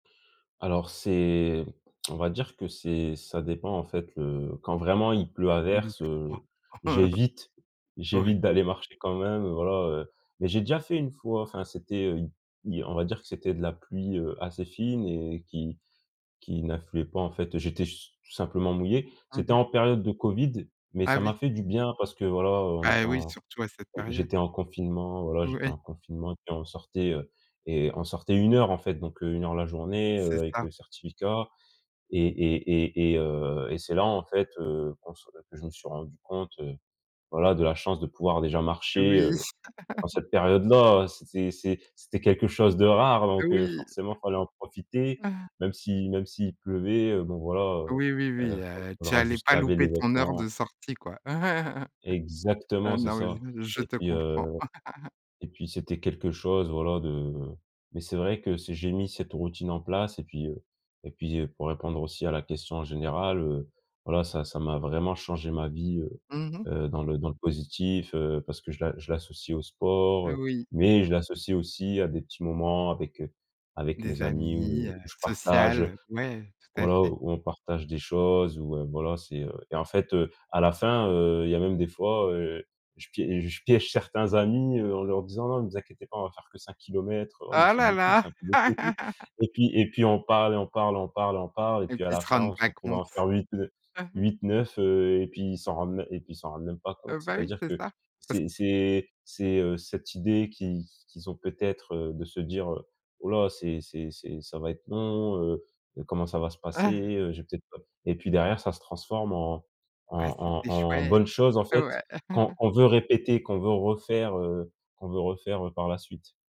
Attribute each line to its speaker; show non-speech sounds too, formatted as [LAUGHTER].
Speaker 1: Alors c'est, [CLICKS TONGUE] on va dire que c'est, ça dépend en fait, heu, quand vraiment il pleut à verse,
Speaker 2: [UNINTELLIGIBLE]
Speaker 1: heu,
Speaker 2: [CHUCKLES]
Speaker 1: j'évite,
Speaker 2: Ouais.
Speaker 1: j'évite d'aller marcher quand même, voilà, heu, mais j'ai déjà fait une fois, enfin c'était, heu, dire on va dire que c'était de la pluie, heu, assez fine et qui qui n'affluait pas en fait, j'étais su simplement mouillé.
Speaker 2: Mmh
Speaker 1: C'était
Speaker 2: mh.
Speaker 1: en période de COVID, mais
Speaker 2: Ah
Speaker 1: ça m'a
Speaker 2: oui!
Speaker 1: fait du bien parce que voilà, heu, on
Speaker 2: Bah
Speaker 1: était
Speaker 2: oui
Speaker 1: en
Speaker 2: surtout à cette période!
Speaker 1: j'étais en confinement, voilà j'étais
Speaker 2: Ouais.
Speaker 1: en confinement et puis on sortait, heu et on sortait 1 heure en fait, donc heu, 1 heure la journée, heu,
Speaker 2: C'est
Speaker 1: avec
Speaker 2: ça.
Speaker 1: le certificat et et et et heu et c'est là, en fait, heu, qu'on se que je me suis rendu compte, heu, voilà, de la chance de pouvoir déjà marcher,
Speaker 2: Oui.
Speaker 1: heu, en
Speaker 2: [CHUCKLES]
Speaker 1: cette période-là, c'était c'est c'était quelque chose de rare donc heu,
Speaker 2: Oui.
Speaker 1: forcément il fallait en profiter
Speaker 2: [CHUCKLES]
Speaker 1: même si même s'il pleuvait. Bon voilà, heu
Speaker 2: Oui oui
Speaker 1: heu,
Speaker 2: oui,
Speaker 1: [UNINTELLIGIBLE]
Speaker 2: heu,
Speaker 1: il
Speaker 2: tu
Speaker 1: faudra
Speaker 2: allais
Speaker 1: juste
Speaker 2: pas
Speaker 1: laver les
Speaker 2: louper ton heure
Speaker 1: vêtements
Speaker 2: de sortie, quoi. [CHUCKLES] Heu,
Speaker 1: Exactement, c'est
Speaker 2: non,
Speaker 1: ça
Speaker 2: je
Speaker 1: et
Speaker 2: te
Speaker 1: puis
Speaker 2: comprends.
Speaker 1: heu
Speaker 2: [CHUCKLES]
Speaker 1: et puis c'était quelque chose voilà, de mais c'est vrai que si j'ai mis cette routine en place et puis heu et puis heu, pour répondre aussi à la question générale, heu, voilà ça ça m'a vraiment changé ma vie, heu
Speaker 2: Mmh mh.
Speaker 1: heu, dans le dans le positif, heu, parce que je la l'associe au sport, heu,
Speaker 2: Oui.
Speaker 1: mais je l'associe aussi à des petits moments avec, heu, avec
Speaker 2: Des
Speaker 1: mes amis
Speaker 2: amis,
Speaker 1: où
Speaker 2: heu,
Speaker 1: je
Speaker 2: social,
Speaker 1: partage,
Speaker 2: heu, ouais tout à
Speaker 1: voilà,
Speaker 2: fait.
Speaker 1: où on partage des choses où heu, voilà c'est, heu et en fait, heu, à la fin, heu, il y a même des fois, heu, je piè je piège certains amis, heu, en leur disant: «Non ne vous inquiétez pas, on va faire que 5 kilomètres, "heu, oh mais
Speaker 2: Oh
Speaker 1: c'est
Speaker 2: là
Speaker 1: beaucoup,
Speaker 2: là!
Speaker 1: c'est un peu"» [UNINTELLIGIBLE]
Speaker 2: [LAUGHS]
Speaker 1: et puis et puis on parle et on parle, on parle, on parle et
Speaker 2: Et
Speaker 1: puis à
Speaker 2: qui
Speaker 1: la
Speaker 2: se
Speaker 1: fin,
Speaker 2: rendent
Speaker 1: on se
Speaker 2: pas
Speaker 1: retrouve à
Speaker 2: compte.
Speaker 1: en faire 8 de
Speaker 2: [CHUCKLES]
Speaker 1: 8-9, heu et puis ils s'en rendent et puis ils s'en rendent même pas compte.
Speaker 2: Heu, bah oui
Speaker 1: C'est-à-dire
Speaker 2: c'est
Speaker 1: que
Speaker 2: ça, [CHUCKLES]
Speaker 1: c'est c'est, heu, c'est cette idée qui qui qu'ils ont peut-être, heu, de se dire: «Heu, oh là, c'est c'est c'est ça va être long, heu heu, comment ça va se passer,
Speaker 2: Ah!
Speaker 1: heu, j'ai peut-être pas» et puis derrière, ça se transforme en en
Speaker 2: Ah, c'etait
Speaker 1: en en
Speaker 2: chouette,
Speaker 1: bonne chose, en fait,
Speaker 2: ouais!
Speaker 1: quand
Speaker 2: [CHUCKLES]
Speaker 1: on veut répéter, qu'on veut refaire, heu, qu'on veut refaire, heu, par la suite.